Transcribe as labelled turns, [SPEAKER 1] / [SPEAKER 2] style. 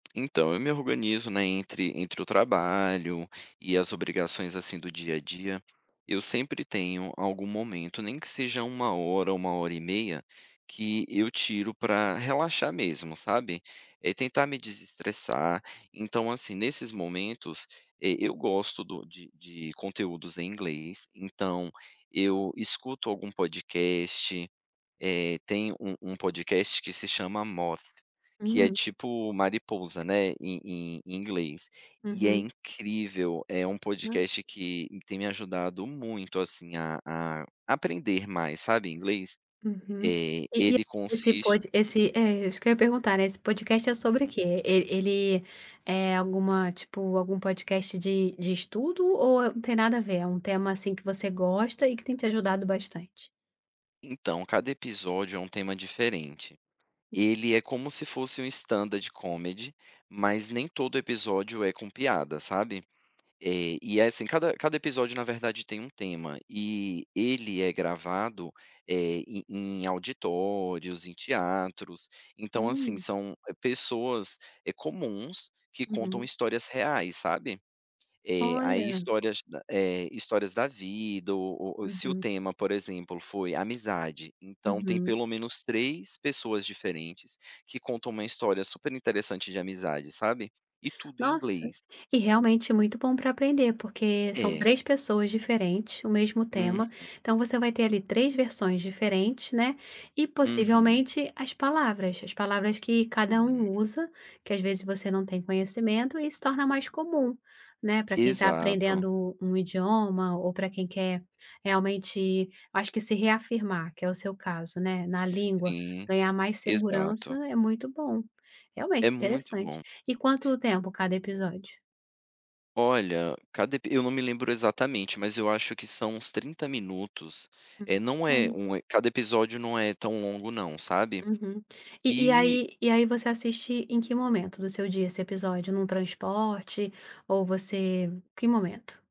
[SPEAKER 1] Então, eu me organizo, né, entre entre o trabalho e as obrigações, assim, do dia a dia, eu sempre tenho algum momento nem que seja 1 hora, 1 hora e meia, que eu tiro pra relaxar mesmo, sabe. É tentar me desestressar, então assim, nesses momentos, e eu gosto do de de conteúdos em inglês, então, eu escuto algum podcast, eh, tem um um podcast que se chama Moth, que é
[SPEAKER 2] Uhum.
[SPEAKER 1] tipo mariposa, né, em em em inglês, e é
[SPEAKER 2] Uhum.
[SPEAKER 1] incrível, é um
[SPEAKER 2] Hã.
[SPEAKER 1] podcast que tem me ajudado muito assim a a aprender mais, sabe, inglês,
[SPEAKER 2] Uhum,
[SPEAKER 1] eh,
[SPEAKER 2] e e
[SPEAKER 1] ele
[SPEAKER 2] esse
[SPEAKER 1] consiste
[SPEAKER 2] pode
[SPEAKER 1] hum.
[SPEAKER 2] esse é isso que eu ia perguntar né, esse podcast é sobre o
[SPEAKER 1] Uhum.
[SPEAKER 2] quê? E ele é alguma tipo, algum podcast de de estudo ou não tem nada a ver? É um tema assim que você gosta e que tem te ajudado bastante?
[SPEAKER 1] Então, cada episódio é uma tema diferente.
[SPEAKER 2] Hum.
[SPEAKER 1] Ele é como se fosse um Stand Comedy, mas nem todo episódio é com piada, sabe. E é assim cada cada episódio na verdade tem um tema, e ele é gravado, eh, em em auditórios, em teatros. Então assim
[SPEAKER 2] Hum.
[SPEAKER 1] são pessoas, eh, comuns, que contam
[SPEAKER 2] Uhum.
[SPEAKER 1] histórias reais, sabe. Eh, aí
[SPEAKER 2] Olha.
[SPEAKER 1] histórias, eh, histórias da vida, ou ou se o
[SPEAKER 2] Uhum.
[SPEAKER 1] tema por exemplo foi amizade, então tem
[SPEAKER 2] Uhum.
[SPEAKER 1] pelo menos 3 pessoas diferentes, que contam uma história super interessante de amizade, sabe, e tudo em
[SPEAKER 2] Nossa,
[SPEAKER 1] inglês.
[SPEAKER 2] e realmente é muito bom pra aprender porque são
[SPEAKER 1] É.
[SPEAKER 2] 3 pessoas diferentes, o mesmo
[SPEAKER 1] Uhum.
[SPEAKER 2] tema, então, você vai ter ali 3 versões diferentes, né, e
[SPEAKER 1] Uhum.
[SPEAKER 2] possivelmente as palavras. As palavras que cada
[SPEAKER 1] Hum.
[SPEAKER 2] um usa, que às vezes você não tem conhecimento e se torna mais comum, né pra quem tá
[SPEAKER 1] Exato.
[SPEAKER 2] aprendendo um idioma ou pra quem quer realmente acho que se reafirmar que é o seu caso, né, na língua,
[SPEAKER 1] Sim,
[SPEAKER 2] ganhar mais segurança
[SPEAKER 1] exato.
[SPEAKER 2] é muito bom, realmente
[SPEAKER 1] É muito
[SPEAKER 2] interessante.
[SPEAKER 1] bom.
[SPEAKER 2] E quanto tempo cada episódio?
[SPEAKER 1] Olha, cada epi eu não me lembro exatamente, mas eu acho que são uns 30 minutos, eh
[SPEAKER 2] Hum,
[SPEAKER 1] não é
[SPEAKER 2] bom.
[SPEAKER 1] um cada episódio não é tão longo não, sabe?
[SPEAKER 2] Uhum, e e
[SPEAKER 1] E
[SPEAKER 2] aí e aí você assiste em que momento do seu dia esse episódio, num transporte, ou você que momento?